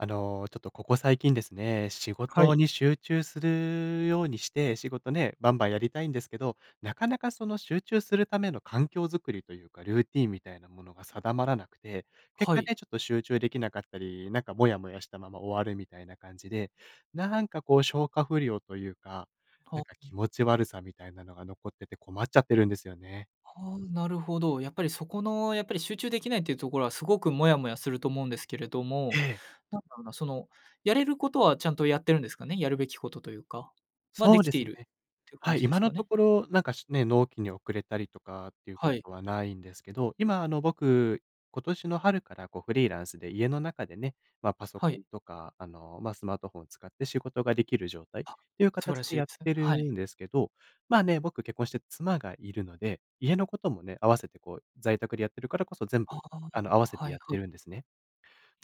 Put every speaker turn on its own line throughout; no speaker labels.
あの、ちょっとここ最近ですね、仕
は
事
い。
に集中するようにして、仕事ね、バンバンやりたいんですけど、なかなかその集中するための環境づくりというか、ルーティンみたいなものが定まらなくて、結
は
果
い。
ね、ちょっと集中できなかったり、なんかモヤモヤしたまま終わるみたいな感じで、なんかこう消化不良というか、な
ほ、
んか気
ん。
持ち悪さみたいなのが残ってて困っちゃってるんですよね。
ああ、なるほど。やっぱりそこの、やっぱり集中できないというところはすごくモヤモヤすると思うんですけれど
え
も、
え。
なんだろうな、そのやれることはちゃんとやってるんですかね？やるべきことというか、ま、で
そう
き
で
て
す
い
ね。
るっていう感
はい、
じで
今
す
の
か
と
ね？
ころなんかしね、納期に遅れたりとかっていうこ
はい。
とはないんですけど、今あの、僕、今年の春からこうフリーランスで家の中でね、ま、パソ
は
コ
い。
ンとか、あの、ま、スマートフォンを使って仕事ができる状態
あ、
という
素晴
形
らし
で
いで
やっ
すね。
て
は
る
い。
んですけど、ま、ね、僕結婚して妻がいるので、家のこともね、合わせてこう、在宅でやってるからこそ全
あ
部、あの、合わ
あ、
せて
はい
やっ
はい。
てるんですね。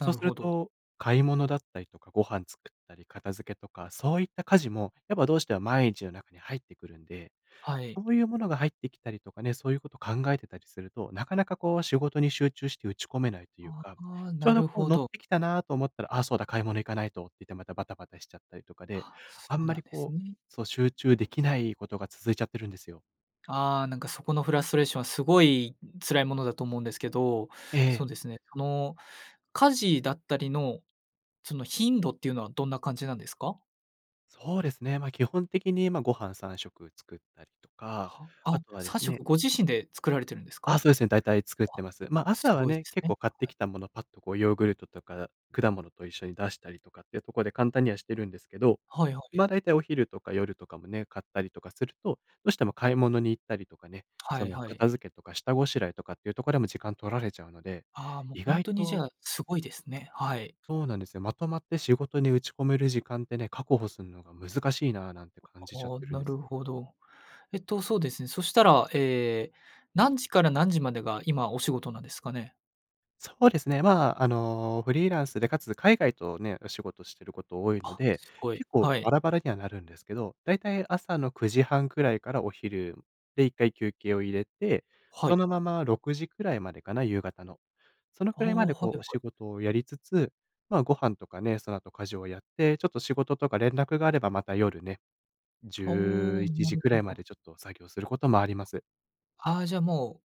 な
う
る
す
ほ
る
ど。
と、買い物だったりとか、ご飯作ったり、片付けとか、そういった家事もやっぱどうしても毎日の中に入ってくるんで、
はい。
そういうものが入ってきたりとかね、そういうことを考えてたりすると、なかなかこう仕事に集中して打ち込めないという
あ
か、
あ、
ちょう
な
ど
る
こう
ほ
乗っ
ど。
てきたなと思ったら、あ、そうだ、買い物行かないとって言ってまたバタバタしちゃったりとかで、
あ、そ
あ
う
んま
なん
り
です
こう、
ね。
そう、集中できないことが続いちゃってるんですよ。
ああ、なんか、そこのフラストレーションは、凄い辛いものだと思うんですけど。
ええ。
そうですね、あの家事だったりの、その頻度っていうのはどんな感じなんですか？
そうですね。まあ、基本的に、まあ、ご飯3食作ったりとか、
は、あ、
あとはで
さん
す
しょ
ね。
くご自身で作られてるんですか？
あ、
わ、
そうですね。大体作ってます。まあ、朝は
凄いで
ね。
す
結
ね。
構、買って
はい。
きたものパッと、こう、ヨーグルトとか、果物と一緒に出したりとかっていうところで、簡単にはしてるんですけど、
はいは
ま
い。
あ、大体お昼とか夜とかもね。買ったりとかすると、どうしても買い物に行ったりとかね。
は
そ
い
の
はい。
片付けとか、下ごしらえとかっていうところでも、時間取られちゃうので、
ああ、もう
意
ほん
外
とに、じ
と
ゃあ、凄いですね。はい。
そうなんですよ。まとまって仕事に打ち込める時間ってね、確保するのが難しいな、なんて
あ
感じちゃっ
あ、
てるん
な
で
る
す。
ほど。えっと、そうですね。そしたら、ええ、何時から何時までが、今お仕事なんですかね？
そうですね。ま、あの、フリーランスで、かつ海外とね、お仕事してること多いの
あ、
で、
凄い。
結構
は
バ
い。
ラバラにはなるんですけど、大体、朝の9時半くらいから、お昼で1回休憩を入れて、
はい。
そのまま6時くらいまでかな、夕方の。その
あ
く
あ、
らいまで、
は
こ
い
う、
は
お
い。
仕事をやりつつ。まあ、ご飯とかね、その後、家事をやって、ちょっと仕事とか連絡があれば、また夜ね。じ
ああ、
ゅういち
な
じ
る
くら
ほ
いま
ど。
で、ちょっと作業することもあります。
ああ、じゃあも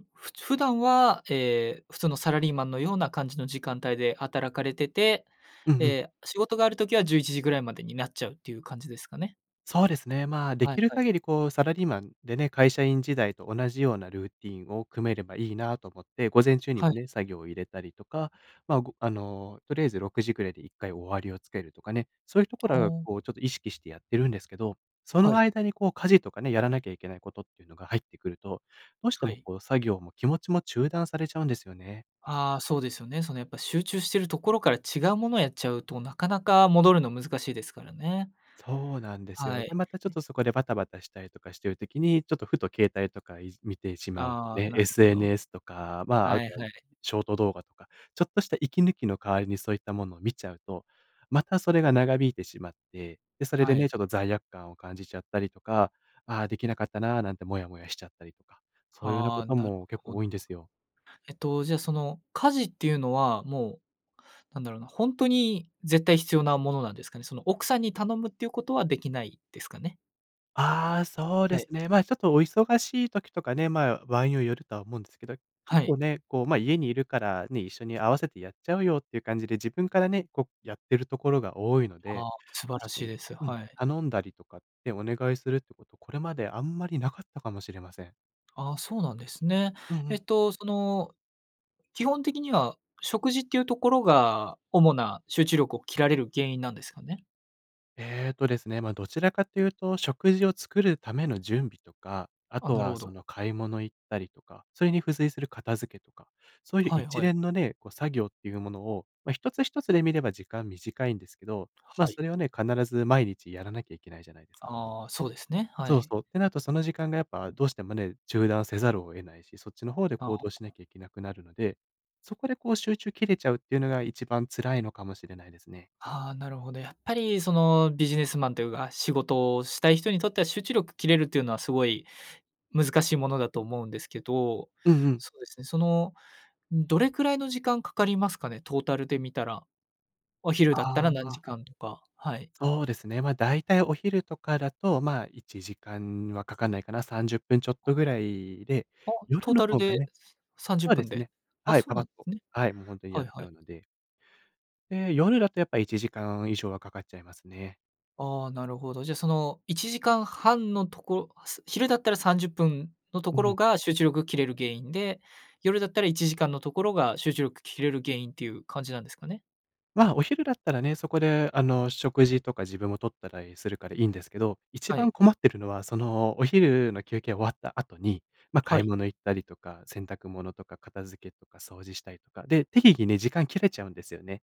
う、ふつ普段は、え、普通のサラリーマンのような感じの時間帯で働かれてて、
うんうん。
え、仕事がある時は11時ぐらいまでになっちゃうっていう感じですかね。
そうですね。ま、で
はい
きる
はい。
限りこう、サラリーマンでね、会社員時代と同じようなルーティンを組めればいいなと思って、午前中に
は
も
い。
ね、作業を入れたりとか、ま、ごあの、とりあえず6時ぐらいで1回終わりをつけるとかね、そういうとこ
は
ろあが
あ。
こう、ちょっと意識してやってるんですけど、そ
は
の
い。
間にこう、家事とかね、やらなきゃいけないことっていうのが入ってくると、どうして
は
も
い。
こう、作業も気持ちも中断されちゃうんですよね。
ああ、そうですよね。その、やっぱ集中してるところから違うものをやっちゃうと、なかなか戻るの難しいですからね。
そうなんです
は
よ。で、
い。
またちょっ
うん。
とそこでバタバタしたりとかしてる時に、ちょっとふと携帯とかいじ見てしまう、
ああ、
ね、
なるほど。
SNS とか、ま、あ
はい
とはい
はい。
ショート動画とか、ちょっとした息抜きの代わりにそういったものを見ちゃうと、またそれが長引いてしまって、で、それで
は
ね、
い。
ちょっと罪悪感を感じちゃったりとか「ああ、できなかったな」なんてモヤモヤしちゃったりとか、そういうような
は
こ
あ、
と
なる
も結
ほ
構
ど。
多いんですよ。
えっと、じゃあその、家事っていうのはもう、なんだろうな、ほんとに絶対必要なものなんですかね？その、奥さんに頼むっていうことはできないですかね？
ああ、そう
は
です
い。
ね。ま、ちょっとお忙しい時とかね、まあ、場合によよるとは思うんですけど、
は
結
い。
構ね、こうま、家にいるからね、一緒に合わせてやっちゃうよっていう感じで、自分からね、こうやってるところが多いので、
ああ、素晴ら
確か
しい
に
です、
うん、
はい。
頼んだりとかってお願いするってこと、これまであんまりなかったかもしれません。
ああ、そうなんですね。
うんう
えっ
ん。
と、その、基本的には食事っていうところが主な集中力を切られる原因なんですかね？
えっとですね、ま、どちらかというと食事を作るための準備とか、あ
あ、
と
なる
は
ほ
そ
ど。
の買い物行ったりとか、それに付随する片付けとか、そういう
はい
一
はい。
連のね、こう作業っていうものを、ま、一つ一つで見れば時間短いんですけど、ま、
はい。
それはね、必ず毎日やらなきゃいけないじゃないですか？
ああ、そうですね、は
そう
い。
そう。ってなるとその時間がやっぱどうしてもね、中断せざるを得ないし、そっちの方で
あ
行
あ。
動しなきゃいけなくなるので、そこでこう集中切れちゃうっていうのが一番辛いのかもしれないですね。
ああ、なるほど。やっぱりそのビジネスマンというか、仕事をしたい人にとっては集中力切れるっていうのはすごい、難しいものだと思うんですけど、
うんうん。
そうですね、その、ん、どれくらいの時間かかりますかね？トータルで見たら。お昼だった
あ
ら何
あ。
時間とか、はい。
そうですね。ま、大体お昼とかだと、まあ、1時間はかかんないかな。30分ちょっとぐらいで、
あ、ト
夜
ー
の
タル
方が
で、
ね
すさんじゅ
そ
っ
う
ぷ
で
ん
す
で？
ね。
あ、
はい、
そう
パパ
な
ッ
ん
と、
ね。
はい、もうほんとに
は
やっ
い
ち
は
ゃ
い。
うので。で、夜だとやっぱ1時間以上はかかっちゃいますね。
ああ、なるほど。じゃあ、その1時間半のとこ、す昼だったら、30分のと
う
ころ
ん。
が、集中力切れる原因で、夜だったら、1時間のところが、集中力切れる原因っていう感じなんですかね？
まあ、お昼だったらね。そこで、あの、食事とか、自分をとったらいするからいいんですけど、一
は
番
い。
困ってるのは、そのお昼の休憩が終わった後に、まあ、
は
買い
い。
物行ったりとか、洗濯物とか、片付けとか、掃除したりとか。で、適宜ね、時間切れちゃうんですよね。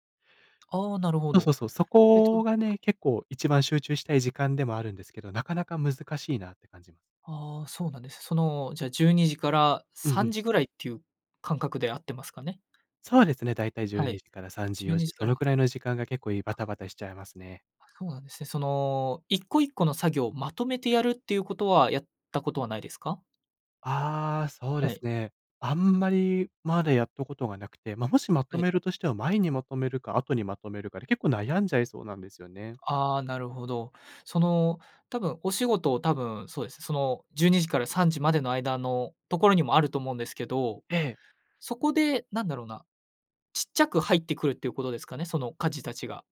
ああ、なるほ
そうそ
ど。
うそう。そ
えっと。
こがね、結構、一番集中したい時間でもあるんですけど、なかなか難しいなって感じま…
ああ、そうなんです。その、じゃあ12時から
うん
さ
う
ん
ん。
じぐらいっていう感覚で合ってますかね？
そうですね、大体じゅう
は
に
い、
じから3時、
じゅう
よ
に
じ、
じ
そ
から
のくらいの時間が、結構いバタ
あ。
バタしちゃいますね。
あ、そうなんですね。その一個一個の作業をまとめてやるって言う事はやったことはないですか？
ああ、そうで
は
す
い。
ね。あんまり、まだやったことがなくて、まあ、もし、ま
は
と
い。
めるとしては、前にまとめるか、後にまとめるかで、結構悩んじゃいそうなんですよね。
ああ、なるほど。その多分お仕事を、多分そうですね、その12時から3時までの間のところにもあると思うんですけど、
ええ。
そこで、何だろうな、小っちゃく入ってくるって言う事ですかね？その家事たちが。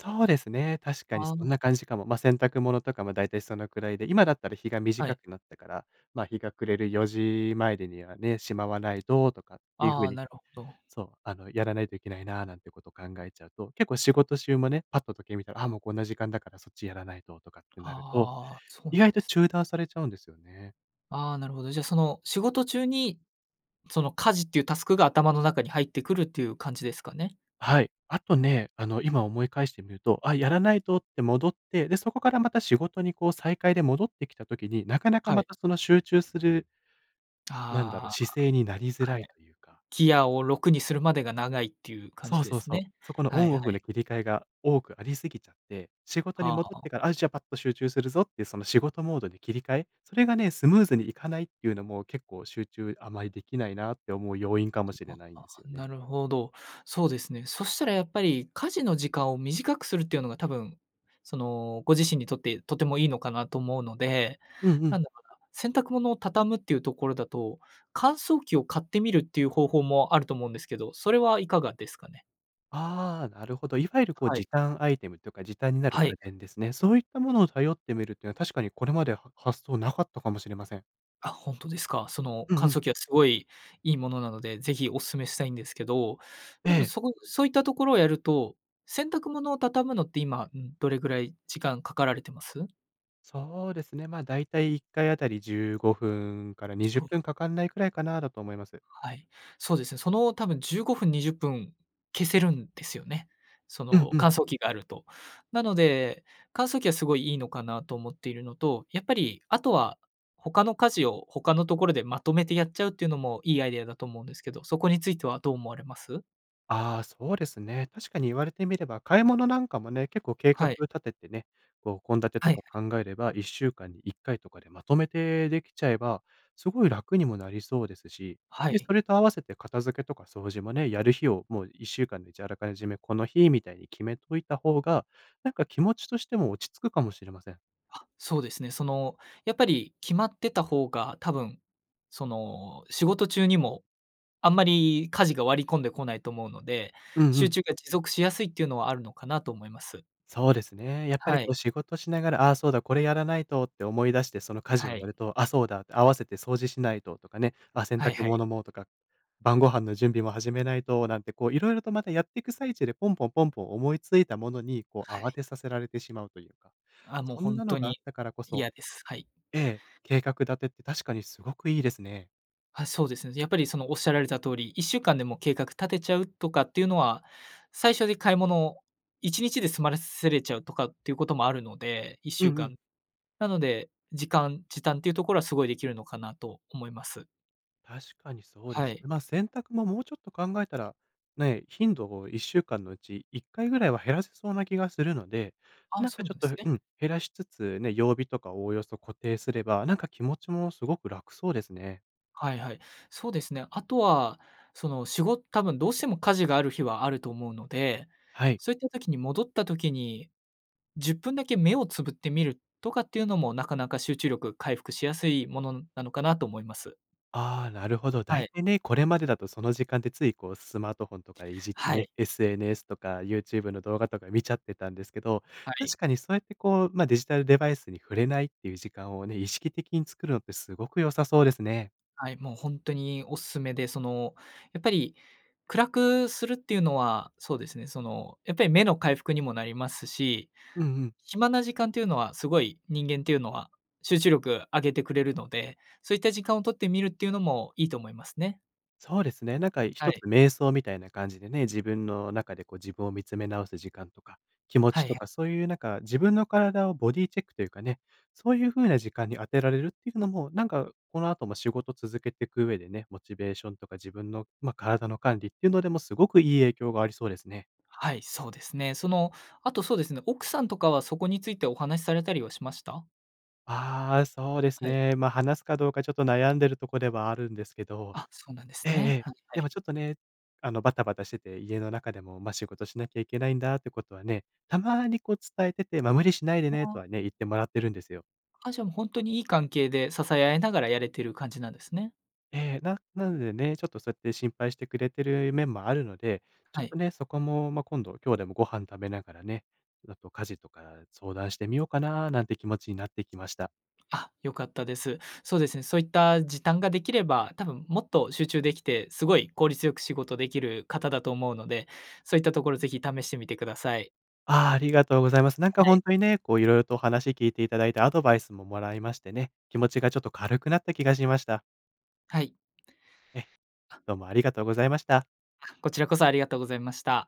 そうですね。確かに
あ
そん
あ。
な感じかも。ま、洗濯物とかも大体そのくらいで。今だったら日が
はい。
短くなったから、ま、日が暮れる4時前でにはね、しまわないととかっていう風
ああ、
に
なるほど。
そう、あの、やらないといけないななんてことを考えちゃうと、結構仕事中もね、パッと時計見たら、あ、もうこんな時間だからそっちやらないととかってなると、
ああ、そう
意
なん
外
で
と
す。
中断されちゃうんですよね。
あ、なるほど。じゃあその仕事中にその家事っていうタスクが頭の中に入ってくるっていう感じですかね？
はい。あとね、あの、今思い返してみると、あ、やらないとって戻って、で、そこからまた仕事にこう再開で戻ってきた時に、なかなか
は
ま
い。
たその集中するなんだろ
あ
う、
あ、
姿勢になりづら
は
い
い。
というか。
ギアを6にするまでが長いっていう感
そ
じ
う
で
そう
す
そう。
ね。
そこの
は
オ
い
ン
は
オフ
い。
の切り替えが多くありすぎちゃって、仕事に
は
戻っ
あ。
てから、あ、じゃあパッと集中するぞっていうその仕事モードに切り替え、それがね、スムーズにいかないっていうのも結構集中あまりできないなって思う要因か
こ
も
れ
しれ
は、
ないん
ああ、
ですよね。
なるほど。そうですね。そしたらやっぱり家事の時間を短くするっていうのが多分、その、ご自身にとって、とてもいいのかなと思うので。
うんう
な
ん。
んだろうな、洗濯物をたたむっていうところだと、乾燥機を買ってみるっていう方法もあると思うんですけど、それはいかがですかね？
ああ、なるほど。いわゆるこう、
はい。
時短アイテムというか時短になる
はい。
家電ですね。そういったものを頼ってみるというのは確かにこれまでは、は発想なかったかもしれません。
あ、ほんとですか？その
うんう
乾
ん。
燥機はすごい、いいものなので、是非お勧めしたいんですけど、多
え
分
え。
そこそういったところをやると、洗濯物を畳むのって今、んどれぐらい時間かかられてます？
そうですね。ま、だいたい1回あたり15分からに
じゅ
じゅ
う
っ
ごふ
ぷ
ん。
んかかんないくらいかなだと思います。
はい、そうですね。その、多分15分20分消せるんですよね。そ
うん
の
うん。
乾燥機があると。なので、乾燥機はすごいいいのかなと思っているのと、やっぱりあとは、他の家事を他のところでまとめてやっちゃうっていうのもいいアイデアだと思うんですけど、そこについてはどう思われます？
ああ、そうですね。確かに言われてみれば買い物なんかもね、結構計
は
画
い。
立ててね、こう献立
はい
と
は
か
い。
考えれば1週間に1回とかでまとめてできちゃえば、すごい楽にもなりそうですし、
は
で、
い。
それと合わせて片付けとか掃除もね、やる日をもう1週間で、じゃああらかじめこの日みたいに決めといた方が、なんか気持ちとしても落ち着くかもしれません。
あ、そうですね。その、やっぱり決まってた方が多分、その、仕事中にもあんまり家事が割り込んでこないと思うので、
うんう
集
ん。
中が持続しやすいっていうのはあるのかなと思います。
そうですね。やっぱり
は
こ
い。
う仕事しながら、あ、そうだ、これやらないとって思い出してその家事を
はい。
やると、あ、そうだって合わせて掃除しないととかね、あ、洗
はい
濯
はい。
物もとか、晩御飯の準備も始めないとなんてこう色々とまたやっていく最中でポンポンポンポン思いついたものに、こう
はい。
慌てさせられてしまうというか。
あ、もう
そ
ほ
ん
ん
な
と
のがあ
に
ったからこそ、
嫌です。はい。
ええ、計画立てって確かにすごくいいですね。
あ、そうですね。やっぱりそのおっしゃられた通り1週間でも計画立てちゃうとかっていうのは、最初に買い物を1日で済ませれちゃうとかっていうこともあるので、いっし
う
ゅう
んう
か
ん。
ん。なので、時間、時短というところはすごいできるのかなと思います。
確かにそうで
は
す
い。
ね。ま、洗濯ももうちょっと考えたら、ね、頻度を1週間のうち1回ぐらいは減らせそうな気がするので、
あ、
なん
そ
か
う
ち
な
ょっ
んです
と
ね。
うん、減らしつつね、曜日とかおおよそ固定すれば、なんか気持ちもすごく楽そうですね。
はいはい。そうですね。あとはその、しご多分どうしても家事がある日はあると思うので、
はい。
そういった時に戻った時に、10分だけ目をつぶってみるとかっていうのも、なかなか集中力回復しやすいものなのかなと思います。
ああ、なるほど。
は
大
い。
体ね、これまでだとその時間でついこう、スマートフォンとかいじって
は
ね、
い。
SNS とか YouTube の動画とか見ちゃってたんですけど、
はい。
確かにそうやってこう、ま、デジタルデバイスに触れないっていう時間をね、意識的に作るのってすごく良さそうですね。
はい、もうほんとにおすすめで、その、やっぱり暗くするっていうのは、そうですね、その、やっぱり目の回復にもなりますし、
うんうん。
暇な時間というのはすごい人間っていうのは集中力上げてくれるので、そういった時間を取ってみるっていうのもいいと思いますね。
そうですね。なんか
は
一つ、
い。
瞑想みたいな感じでね、自分の中でこう、自分を見つめ直す時間とか、気持
は
ち
い
と
はい。
かそういうなんか自分の体をボディチェックというかね、そういう風な時間に当てられるっていうのも、なんかこのあとも仕事続けてく上でね、モチベーションとか自分の、ま、体の管理っていうのでもすごくいい影響がありそうですね。
はい、そうですね。その、あとそうですね、奥さんとかはそこについてお話されたりはしました？
ああ、そうです
はい。
ね。ま、話すかどうかちょっと悩んでるとこではあるんですけど、
あ、そうなんで
え
す
ええ
ね。
え。
はいは
で
い。
もちょっとね、あの、バタバタしてて、家の中でも、ま、仕事しなきゃいけないんだってことはね、たまにこう伝えてて、ま、無理しないで
あ
ねと
あ。
はね、言ってもらってるんですよ。
あ、じゃもう、ほんとにいい関係で支え合いながらやれてる感じなんですね。
ええ、ななのでね、ちょっとそうやって心配してくれてる面もあるので、ち
は
ょっ
い。
とね、そこもま今度、今日でもご飯食べながらね、もっと家事とか相談してみようかななんて気持ちになってきました。
あ、良かったです。そうですね、そういった時短ができれば、多分もっと集中できて、すごい効率よく仕事できる方だと思うので、そういったところぜひ試してみてください。
ああ、ありがとうございます。なん
は
かほ
い。
んとにね、こう、色々と話聞いていただいてアドバイスももらいましてね、気持ちがちょっと軽くなった気がしました。
はい。
え、
あ
どうもありがとうございました。
あ、こちらこそありがとうございました。